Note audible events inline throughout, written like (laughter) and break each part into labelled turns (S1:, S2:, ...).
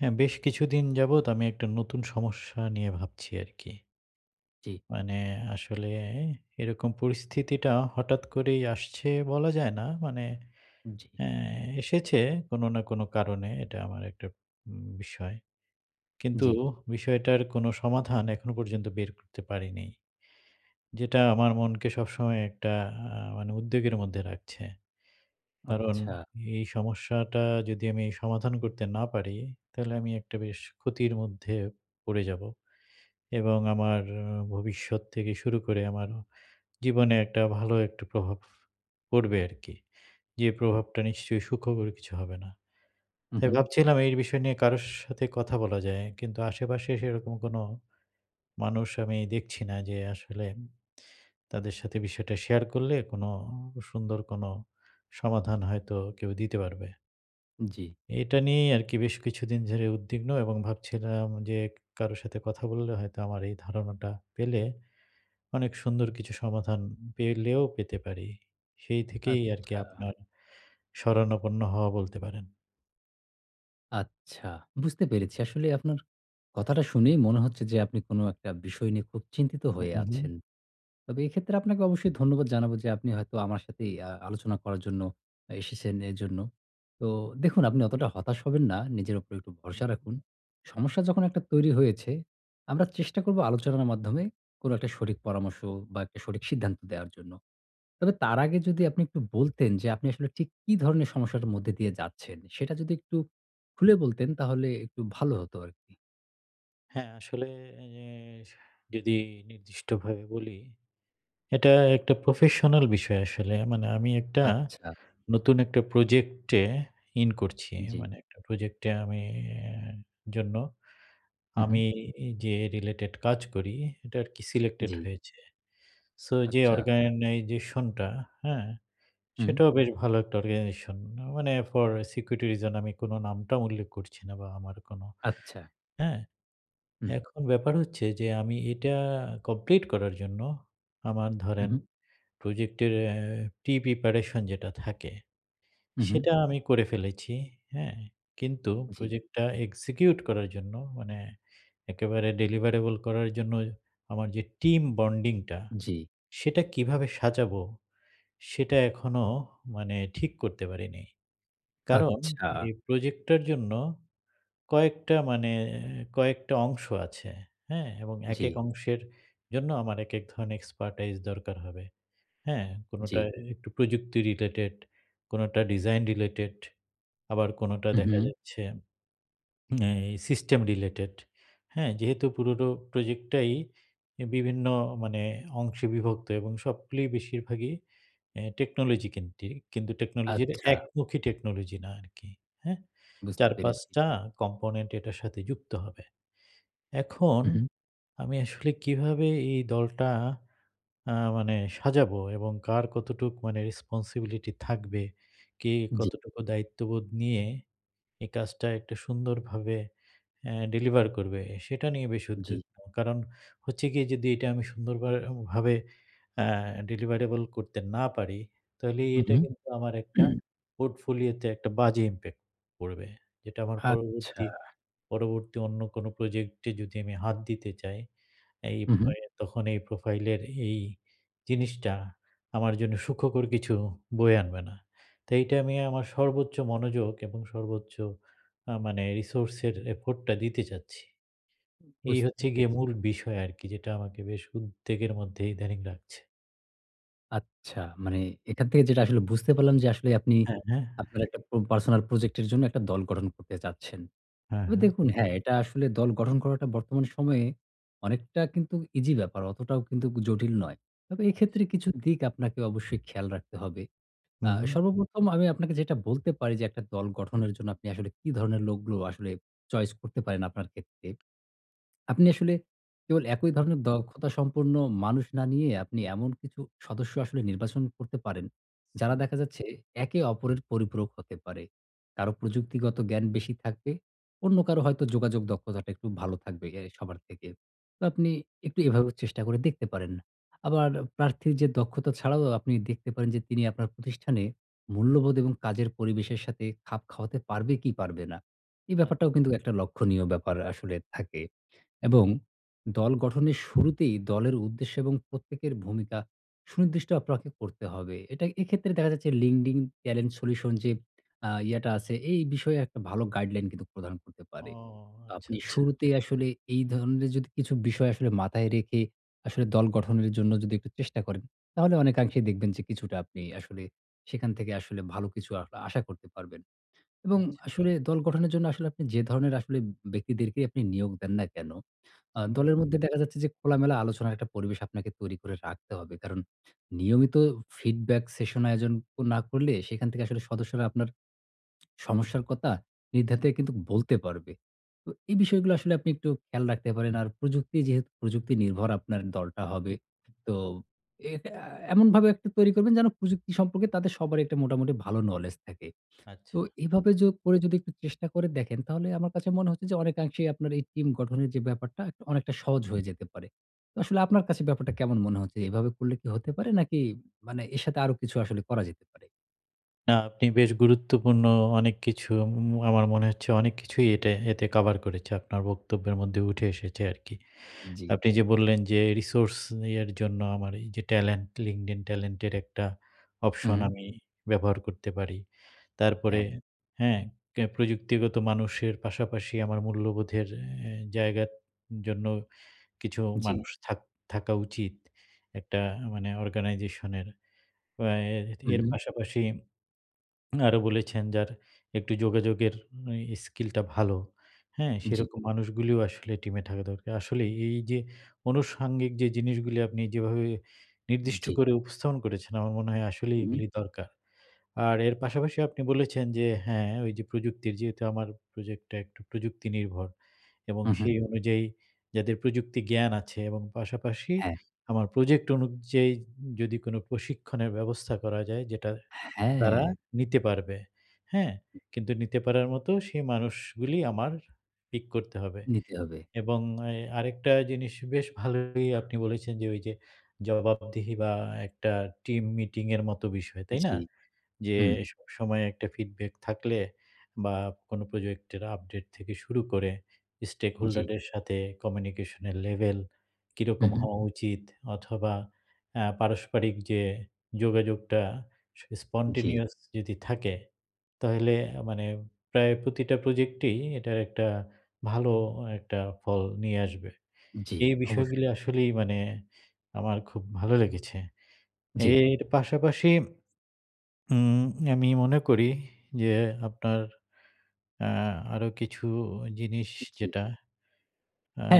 S1: হ্যাঁ বেশ কিছুদিন যাবত আমি একটা নতুন সমস্যা নিয়ে ভাবছি আর কি।
S2: জ্বি।
S1: মানে আসলে এরকম পরিস্থিতিটা হঠাৎ করেই আসছে বলা যায় না। মানে
S2: জ্বি।
S1: অ্যা এসেছে কোন না কোন কারণে এটা আমার একটা উম বিষয়। কিন্তু
S2: জ্বি।
S1: বিষয়টার কোন সমাধান এখনও পর্যন্ত বের করতে পারি নি। যেটা আমার মনকে সবসময় একটা আ মানে উদ্বেগের মধ্যে রাখছে। কারণ
S2: আচ্ছা।
S1: এই সমস্যাটা যদি আমি সমাধান করতে না পারি, তাহলে আমি একটা বেশ ক্ষতির মধ্যে পড়ে যাবো এবং আমার ভবিষ্যৎ থেকে শুরু করে ,আমার জীবনে একটা ভালো একটা প্রভাব পড়বে আর কি। যে প্রভাবটা নিশ্চয়ই সুখকর কিছু হবে না।
S2: হুম,
S1: তাই
S2: হুম।
S1: ভাবছিলাম এই বিষয় নিয়ে কারো সাথে কথা বলা যায়। কিন্তু আশেপাশে সেরকম কোন মানুষ আমি দেখছি না যে আসলে, তাদের সাথে বিষয়টা শেয়ার করলে কোনো সুন্দর কোনো সমাধান হয়তো কেউ দিতে পারবে।
S2: (smacks lips) জ্বি।
S1: এটা নিয়েই আরকি বেশ কিছুদিন ধরে উদ্বিগ্ন এবং ভাবছিলাম যে কারো সাথে কথা বললে হয়তো আমার এই ধারণাটা পেলে, অনেক সুন্দর কিছু সমাধান পেলেও পেতে পারি। সেই থেকেই আরকি
S2: আচ্ছা।
S1: আপনার শরণাপন্ন হওয়া বলতে পারেন।
S2: আচ্ছা, বুঝতে পেরেছি। আসলে আপনার কথাটা শুনেই মনে হচ্ছে যে আপনি কোনো একটা বিষয় নিয়ে খুব চিন্তিত
S1: হুম,
S2: হয়ে
S1: হুম, হুম।
S2: আছেন। তবে এক্ষেত্রে আপনাকে অবশ্যই ধন্যবাদ জানাবো যে আপনি হয়তো আমার সাথেই আ আলোচনা করার জন্য এসেছেন এজন্য। তো দেখুন আপনি অতটা হতাশ হবেন না। নিজের উপরে একটু ভরসা রাখুন। সমস্যা যখন একটা তৈরি হয়েছে, আমরা চেষ্টা করব আলোচনার মাধ্যমে কোনো একটা সঠিক পরামর্শ বা একটা সঠিক সিদ্ধান্ত দেয়ার জন্য। তবে তার আগে যদি আপনি একটু বলতেন যে আপনি আসলে ঠিক কী ধরনের সমস্যার মধ্যে দিয়ে যাচ্ছেন সেটা যদি একটু খুলে বলতেন, তাহলে একটু ভালো হতো আরকি।
S1: হ্যাঁ, আসলে এস যদি নির্দিষ্টভাবে বলি, এটা একটা প্রফেশনাল বিষয় আসলে। মানে আমি একটা
S2: আচ্ছা।
S1: নতুন একটা প্রজেক্ট এ ইন করছি।
S2: জ্বী।
S1: মানে একটা প্রজেক্ট এ আমি জন্য
S2: হুম,
S1: আমি
S2: হুম
S1: যে রিলেটেড কাজ করি এটা আরকি সিলেক্টেড
S2: জ্বি।
S1: হয়েছে। সো যে
S2: আচ্ছা।
S1: অর্গানাইজেশন টা, হ্যাঁ?
S2: হুম।
S1: সেটাও বেশ ভালো একটা অর্গানাইজেশন মানে ফর সিকিউরিটি রিজন আমি কোনো নাম-টাম উল্লেখ করছি না বা আমার কোনো
S2: আচ্ছা।
S1: হ্যাঁ?
S2: হুম
S1: এখন ব্যাপার হচ্ছে যে আমি এটা কমপ্লিট করার জন্য, আমার
S2: হু,
S1: ধরেন
S2: হু।
S1: প্রজেক্টের অ্যা প্রি-প্রিপারেশন যেটা থাকে
S2: হু, হু।
S1: সেটা আমি করে ফেলেছি। হ্যাঁ? কিন্তু
S2: জি।
S1: প্রজেক্ট টা এক্সিকিউট করার জন্য মানে, একেবারে ডেলিভারেবল করার জন্য আমার যে টিম বন্ডিং টা
S2: জ্বি।
S1: সেটা কিভাবে সাজাবো সেটা এখনো মানে ঠিক করতে পারিনি। কারণ
S2: আচ্ছা।
S1: এই প্রজেক্টটার জন্য কয়েকটা মানে কয়েকটা অংশ আছে। হ্যাঁ? এবং
S2: জ্বি।
S1: একেক অংশের জন্য আমার একেক ধরনের এক্সপার্টাইজ দরকার হবে। হ্যাঁ? কোনোটা
S2: জ্বি।
S1: একটু প্রযুক্তি রিলেটেড, কোনোটা ডিজাইন রিলেটেড আবার কোনটা
S2: হুম,
S1: দেখা
S2: হুম
S1: যাচ্ছে এই সিস্টেম রিলেটেড। হ্যাঁ, যেহেতু পুরো প্রজেক্ট টাই অ্যা বিভিন্ন মানে অংশে বিভক্ত এবং সবগুলোই বেশিরভাগই অ্যা টেকনোলজি কেন্দ্রিক কিন্তু টেকনোলজির
S2: আচ্ছা।
S1: একমুখী টেকনোলজি না আরকি। হ্যাঁ?
S2: বুঝতে
S1: ৪-৫
S2: পেরেছি।
S1: টা কম্পোনেন্ট এটার সাথে যুক্ত হবে। এখন
S2: উহু।
S1: আমি আসলে কিভাবে এই দলটা আ মানে সাজাবো এবং কার কতটুকু মানে রেসপনসিবিলিটি থাকবে, কে
S2: জ্বী।
S1: কতটুকু দায়িত্ববোধ নিয়ে এই কাজটা একটা সুন্দরভাবে অ্যা ডেলিভার করবে সেটা নিয়ে বেশ
S2: জ্বি।
S1: উদ্বিগ্ন। কারণ হচ্ছে গিয়ে যদি এটা আমি সুন্দরভার ভাবে অ্যা ডেলিভারেবল করতে না পারি তাহলে
S2: হু,
S1: এটা
S2: হু।
S1: কিন্তু আমার একটা
S2: (clears throat)
S1: পোর্টফোলিও তে একটা বাজে ইমপ্যাক্ট পড়বে। যেটা আমার
S2: আচ্ছা।
S1: পরবর্তী পরবর্তী অন্য কোনো প্রজেক্ট এ যদি আমি হাত দিতে চাই, এই
S2: হু, হু।
S1: ভয়ে তখন এই প্রোফাইল এর এই জিনিসটা আমার জন্যে সুখকর কিছু বয়ে আনবে না। তো এইটা আমি আমার সর্বোচ্চ মনোযোগ এবং সর্বোচ্চ আ মানে রিসোর্স এর এফোর্ট টা দিতে চাচ্ছি। এই
S2: বুঝতে
S1: হচ্ছে
S2: পেরেছি।
S1: গিয়ে মূল বিষয় আরকি যেটা আমাকে বেশ উদ্বেগের মধ্যে ইদানিং রাখছে।
S2: আচ্ছা, মানে এখান থেকে যেটা আসলে বুঝতে পারলাম যে আসলে আপনি,
S1: হ্যাঁ, হ্যাঁ।
S2: আপনার একটা প্রব পার্সোনাল প্রজেক্ট এর জন্য একটা দল গঠন করতে চাচ্ছেন।
S1: হ্যাঁ,
S2: তবে
S1: হ্যাঁ।
S2: দেখুন হ্যাঁ, এটা আসলে দল গঠন করাটা বর্তমান সময়ে অনেকটা কিন্তু ইজি ব্যাপার, অতটাও কিন্তু জটিল নয়। তবে এক্ষেত্রে
S1: আচ্ছা।
S2: কিছু দিক আপনাকে অবশ্যই খেয়াল রাখতে হবে।
S1: হু,
S2: আ
S1: হুম।
S2: সর্বপ্রথম আমি আপনাকে যেটা বলতে পারি যে একটা দল গঠনের জন্য আপনি আসলে কি ধরনের লোকগুলো আসলে চয়েস করতে পারেন আপনার ক্ষেত্রে। (smacks lips) আপনি আসলে কেবল একই ধরনের দক্ষতা সম্পন্ন মানুষ না নিয়ে, আপনি এমন কিছু সদস্য আসলে নির্বাচন করতে পারেন যারা
S1: হুম।
S2: দেখা যাচ্ছে, একে অপরের পরিপূরক হতে পারে। কারো প্রযুক্তিগত জ্ঞান বেশি থাকবে। অন্য কারো হয়তো যোগাযোগ দক্ষতাটা একটু ভালো থাকবে এ আই সবার থেকে। তো আপনি একটু এভাবে চেষ্টা করে দেখতে পারেন। আবার প্রার্থীর যে দক্ষতা ছাড়াও আপনি দেখতে পারেন যে, তিনি আপনার প্রতিষ্ঠানে মূল্যবোধ এবং কাজের পরিবেশের সাথে খাপ খাওয়াতে পারবে কি পারবে না? এই
S1: আচ্ছা।
S2: ব্যাপারটাও কিন্তু একটা লক্ষনীয় ব্যাপার আসলে থাকে।
S1: হুম।
S2: এবং দল গঠনের শুরুতেই দলের উদ্দেশ্য এবং প্রত্যেকের ভূমিকা সুনির্দিষ্ট আপনাকে করতে হবে। এটায় এক্ষেত্রে দেখা যাচ্ছে LinkedIn টেলেন্ট সলিউশন যে আ ইয়েটা আছে, এই বিষয়ে একটা ভালো গাইডলাইন কিন্তু প্রদান করতে
S1: ও!
S2: পারে।
S1: আচ্ছা,
S2: আপনি
S1: আচ্ছা।
S2: শুরুতেই আসলে এই ধরনের যদি কিছু বিষয় আসলে মাথায় রেখে আসলে দল গঠনের জন্য যদি একটু চেষ্টা করেন, তাহলে অনেকাংশেই দেখবেন যে কিছুটা আপনি আসলে সেখান থেকে আসলে ভালো কিছু আ আশা করতে পারবেন। এবং
S1: আচ্ছা।
S2: আসলে দল গঠনের জন্য আসলে আপনি যে ধরনের আসলে ব্যক্তিদেরকেই আপনি নিয়োগ দেন না কেনো? আ
S1: হুম।
S2: দলের মধ্যে দেখা যাচ্ছে যে খোলামেলা আলোচনার একটা পরিবেশ আপনাকে তৈরি করে রাখতে হবে। কারণ নিয়মিত ফিডব্যাক সেশন আয়োজন না করলে, সেখান থেকে আসলে সদস্যরা আপনার (smacks lips) সমস্যার কথা নির্দ্বিধায় কিন্তু বলতে পারবে। তো এই বিষয়গুলো আসলে আপনি একটু খেয়াল রাখতে পারেন। আর প্রযুক্তি যেহেতু প্রযুক্তি নির্ভর আপনার দলটা হবে।
S1: হুম, ম
S2: তো এটা এমনভাবে তৈরি করবেন যেন, প্রযুক্তি সম্পর্কে তাদের সবারই একটা মোটামুটি ভালো নোলেজ থাকে।
S1: আচ্ছা।
S2: তো এভাবে যো করে যদি একটু চেষ্টা করে দেখেন তাহলে আমার কাছে মনে হচ্ছে যে অনেকাংশেই আপনার এই টিম গঠনের যে ব্যাপারটা, একটা অনেকটা সহজ হয়ে যেতে পারে। তো আসলে আপনার কাছে ব্যাপারটা কেমন মনে হচ্ছে? এভাবে করলে কি হতে পারে নাকি মানে এর সাথে আরো কিছু আসলে করা যেতে পারে?
S1: না আপনি বেশ গুরুত্বপূর্ণ অনেক কিছু উম আমার মনে হচ্ছে অনেক কিছুই এতে এতে, কভার করেছে আপনার বক্তব্যের মধ্যে উঠে এসেছে আরকি
S2: জি।
S1: আপনি যে বললেন যে, রিসোর্স নিয়ের জন্য আমার এই যে ট্যালেন্ট LinkedIn ট্যালেন্টের একটা অপশন
S2: হুম।
S1: আমি ব্যবহার করতে পারি, তারপরে
S2: হ্যাঁ।
S1: হ্যাঁ, ক্যা প্রযুক্তিগত মানুষের পাশাপাশি আমার মূল্যবোধের এ জায়গার জন্য কিছু
S2: জি।
S1: মানুষ থাক থাকা উচিত একটা মানে অর্গানাইজেশনের এর, ওয়াএর,
S2: হুম,
S1: এর
S2: হুম।
S1: পাশাপাশি (swallows) আরও বলেছেন যার একটু যোগাযোগের উ স্কিলটা ভালো হ্যাঁ?
S2: জি।
S1: সেরকম মানুষগুলিও আসলে টিমে থাকা দরকার আসলেই এই, এই, যে আনুষঙ্গিক যে জিনিসগুলি আপনি যেভাবে নির্দিষ্ট
S2: জি।
S1: করে উপস্থাপন করেছেন আমার মনে হয় আসলেই
S2: হুম।
S1: এগুলি দরকার। আর এর পাশাপাশি আপনি বলেছেন যে, হ্যাঁ ওই যে প্রযুক্তির যেহেতু আমার প্রজেক্টটা একটু প্রযুক্তি নির্ভর এবং
S2: হুম, হুম।
S1: সেই অনুযায়ী যাদের প্রযুক্তি জ্ঞান আছে এবং পাশাপাশি
S2: হ্যাঁ।
S1: আমার প্রজেক্ট অনুযায়ী যদি কোন প্রশিক্ষণের ব্যবস্থা করা যায় যেটা তারা
S2: হ্যাঁ।
S1: নিতে পারবে, হ্যাঁ? কিন্তু নিতে পারার মতো সেই মানুষগুলি আমার পিক করতে হবে।
S2: নিতে হবে।
S1: এবং এয় আরেকটা জিনিস বেশ ভালোই আপনি বলেছেন যে ওই যে জবাবদিহি বা একটা টিম মিটিং এর মতো বিষয়, তাই না?
S2: জি,
S1: যে
S2: হুম।
S1: সব সময়ে একটা ফিডব্যাক থাকলে বা কোনো প্রজেক্টের আপডেট থেকে শুরু করে স্টেক হোল্ডার
S2: জি।
S1: দের সাথে কমিউনিকেশনের লেভেল
S2: হুম,
S1: কীরকম
S2: হুম।
S1: হওয়া উচিত? অথবা আ পারস্পারিক যে যোগাযোগটা স
S2: জি।
S1: স্পন্টেনিয়াস যদি থাকে তাহলে আ মানে প্রায় প্রতিটা প্রজেক্টই এটার একটা ভালো একটা ফল নিয়ে আসবে।
S2: জি,
S1: এই
S2: অবশ্যই।
S1: বিষয়গুলো আসলেই মানে আমার খুব ভালো লেগেছে।
S2: জি।
S1: এর পাশাপাশি উম আমি মনে করি যে আপনার আ আরো কিছু জিনিস
S2: জি।
S1: যেটা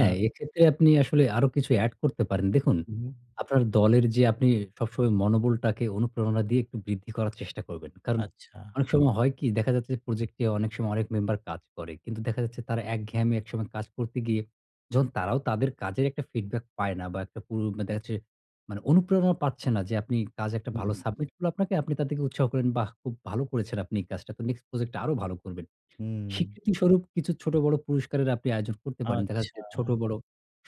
S1: আ
S2: এক্ষেত্রে আপনি আসলে আরো কিছু অ্যাড করতে পারেন, দেখুন
S1: হুম।
S2: আপনার দলের যে আপনি সবসময় মনোবলটাকে অনুপ্রেরণা দিয়ে একটু বৃদ্ধি করার চেষ্টা করবেন। কারণ
S1: আচ্ছা।
S2: অনেক সময় হয় কী? দেখা যাচ্ছে যে প্রজেক্টে অনেক সময় অনেক মেম্বার কাজ করে। কিন্তু দেখা যাচ্ছে তারা এক ঘেয়েমি একসময়ে কাজ করতে গিয়ে যখন তারাও তাদের কাজের একটা ফিডব্যাক পায় না। বা একটা পুরু মা দেখা যাচ্ছে মানে অনুপ্রেরণা পাচ্ছে না যে আপনি কাজ একটা
S1: হুম,
S2: ভালো
S1: হুম।
S2: সাবমিট করলে আপনাকে আপনি তা থেকে উৎসাহ করেন বাহ! খুব ভালো করেছেন আপনি এই কাজটা, তো নেক্সট প্রজেক্টে আরো ভালো করবেন।
S1: হুম।
S2: স্বীকৃতিস্বরূপ কিছু ছোট বড় পুরস্কারের আপনি আয়োজন করতে পারেন। দেখা যাচ্ছে ছোট
S1: আচ্ছা।
S2: বড়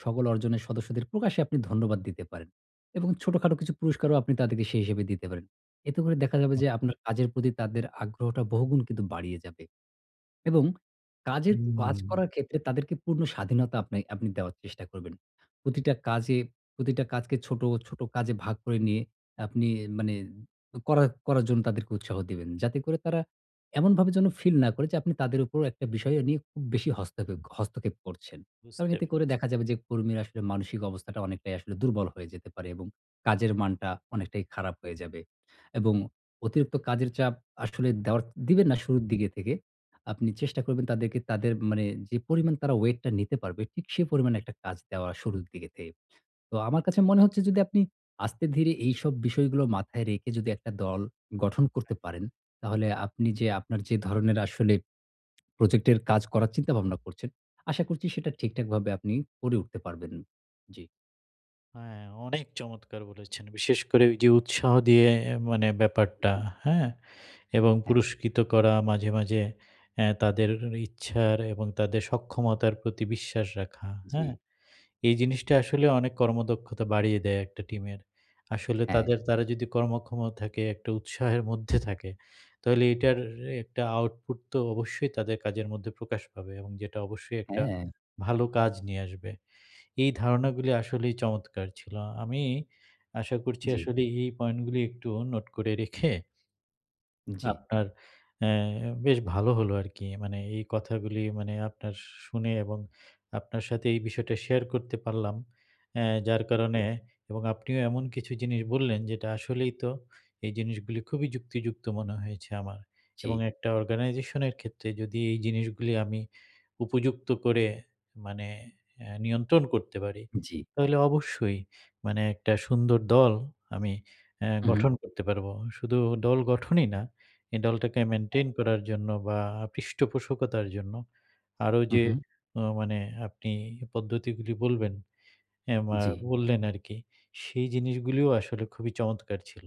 S2: সকল অর্জনের সদস্যদের প্রকাশ্যে আপনি ধন্যবাদ দিতে পারেন। এবং ছোটখাটো কিছু পুরস্কারও আপনি তাদেরকে সেই হিসেবে দিতে পারেন। এতে করে দেখা যাবে
S1: হ্যাঁ।
S2: যে আপনার কাজের প্রতি তাদের আগ্রহটা বহুগুণ কিন্তু বাড়িয়ে যাবে। এবং কাজের কাজ
S1: হুম।
S2: করার ক্ষেত্রে তাদেরকে পূর্ণ স্বাধীনতা আপনে আপনি দেওয়ার চেষ্টা করবেন। প্রতিটা কাজে প্রতিটা কাজকে ছোট, ছোট, কাজে ভাগ করে নিয়ে আপনি মানে করার-করার, জন্য তাদেরকে উৎসাহ দিবেন। যাতে করে তারা এমনভাবে যেন ফিল না করে যে আপনি তাদের উপর একটা বিষয় নিয়ে খুব বেশি হস্তখে হস্তক্ষেপ করছেন। কারণ
S1: বুঝতে
S2: এতে করে
S1: পেরেছি।
S2: দেখা যাবে যে কর্মীরা আসলে মানসিক অবস্থাটা অনেকটাই আসলে দুর্বল হয়ে যেতে পারে এবং কাজের মানটা অনেকটাই খারাপ হয়ে যাবে এবং অতিরিক্ত কাজের চাপ আসলে দেওয়ার দিবেন না শুরুর দিকে থেকে আপনি চেষ্টা করবেন তাদেরকে তাদের মানে যে পরিমাণ তারা ওয়েটটা নিতে পারবে ঠিক সেই পরিমাণে একটা কাজ দেওয়া শুরুর দিকে থে তো আমার কাছে মনে হচ্ছে যদি আপনি আস্তে ধীরে এইসব বিষয়গুলো মাথায় রেখে যদি একটা দল গঠন করতে
S1: হ্যাঁ।
S2: পারেন। তাহলে আপনি যে আপনার যে ধরণের আসলে প্রজেক্টের কাজ করার চিন্তাভাবনা করছেন, আশা করছি সেটা ঠিকঠাকভাবে আপনি করে উঠতে পারবেন, জি।
S1: হ্যাঁ অনেক চমৎকার বলেছেন বিশেষ ওইযে উৎসাহ দিয়ে আ মানে ব্যাপারটা হ্যাঁ? এবং
S2: হ্যাঁ।
S1: পুরস্কৃত করা মাঝে, মাঝে অ্যা তাদের ইচ্ছার এবং তাদের সক্ষমতার প্রতি বিশ্বাস রাখা, হ্যাঁ?
S2: জি।
S1: এই জিনিসটা আসলে অনেক কর্মদক্ষতা বাড়িয়ে দেয় একটা টিমের আসলে
S2: হ্যাঁ।
S1: তাদের তারা যদি কর্মক্ষমতা থাকে একটু উৎসাহের মধ্যে থাকে তাহলে এটার একটা আউটপুট তো অবশ্যই তাদের কাজের মধ্যে প্রকাশ পাবে এবং যেটা অবশ্যই
S2: হ্যাঁ,
S1: একটা
S2: হ্যাঁ।
S1: ভালো কাজ নিয়ে আসবে এই ধারণাগুলি আসলেই চমৎকার ছিল। আমি আশা করছি
S2: জি।
S1: আসলে এই পয়েন্ট গুলো একটু নোট করে রেখে
S2: জি।
S1: আপনার অ্যা বেশ ভালো হলো আরকি। মানে এই কথাগুলি মানে আপনার শুনে এবং আপনার সাথে এই বিষয়টা শেয়ার করতে পারলাম। অ্যা যার কারণে এবং আপনিও এমন কিছু জিনিস বললেন যেটা আসলেই তো এই জিনিসগুলি খুবই যুক্তিযুক্ত মনে হয়েছে আমার। এবং
S2: জি।
S1: একটা অর্গানাইজেশনের ক্ষেত্রে যদি এই জিনিসগুলি আমি উপযুক্ত করে মানে আ নিয়ন্ত্রণ করতে পারি।
S2: জি।
S1: তাহলে অবশ্যই মানে একটা সুন্দর দল আমি অ্যা
S2: হু, হু।
S1: গঠন করতে পারব। শুধু দল গঠনই না এই দলটাকে
S2: হ্যাঁ।
S1: মেইনটেইন করার জন্য বা পৃষ্ঠপোষকতার জন্য আরো যে
S2: উহু।
S1: আ মানে আপনি পদ্ধতিগুলি বলবেন অ্যা মা
S2: জি।
S1: বললেন আরকি সেই জিনিসগুলিও আসলে খুবই চমৎকার ছিল।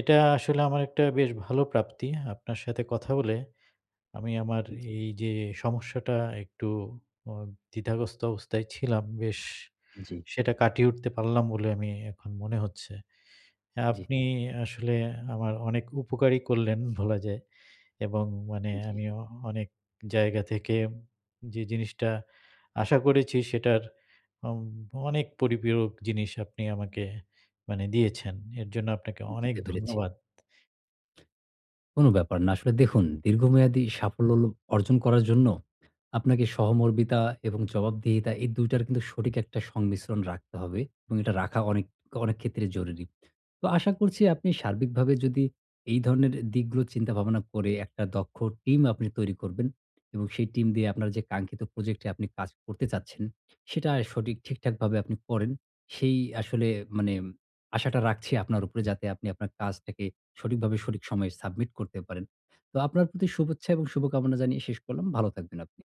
S1: এটা আসলে আমার একটা বেশ ভালো প্রাপ্তি আপনার সাথে কথা বলে আমি আমার
S2: উম জি।
S1: এই যে সমস্যাটা একটু আ দ্বিধাগ্রস্থ অবস্থায় ছিলাম বেশ
S2: জি।
S1: সেটা কাটিয়ে উঠতে পারলাম বলে আমি এখন মনে হচ্ছে।
S2: জি।
S1: আপনি আসলে আমার অনেক উপকারই করলেন বলা যায় এবং মানে
S2: জি।
S1: আমিও অনেক জায়গা থেকে যে জিনিসটা আশা করেছি সেটার অম অনেক পরিপূরক জিনিস আপনি আমাকে মানে দিয়েছেন। এর জন্য আপনাকে অনেক
S2: বুঝতে পেরেছি।
S1: ধন্যবাদ।
S2: কোন ব্যাপার না। আসলে দেখুন দীর্ঘমেয়াদী সাফল্য অর্জন করার জন্য আপনাকে সহমর্মিতা এবং জবাবদিহিতা এই ২ টার কিন্তু সঠিক একটা সংমিশ্রণ রাখতে হবে। এবং এটা রাখা অনেক, অনেক ক্ষেত্রে জরুরি। তো আশা করছি আপনি সার্বিকভাবে যদি এই ধরনের দিকগুলো চিন্তা-ভাবনা করে একটা দক্ষ টিম আপনি তৈরি করবেন। এবং সেই টিম দিয়ে আপনার যে কাঙ্ক্ষিত প্রজেক্ট এ আপনি কাজ করতে চাচ্ছেন, সেটায় সঠিক ঠিকঠাকভাবে আপনি করেন। সেই আসলে মানে আশাটা রাখছি আপনার উপরে যাতে আপনি আপনার কাজটাকে সঠিকভাবে সঠিক সময়ে সাবমিট করতে পারেন। তো আপনার প্রতি শুভেচ্ছা এবং শুভকামনা জানিয়ে শেষ করলাম। ভালো থাকবেন আপনি।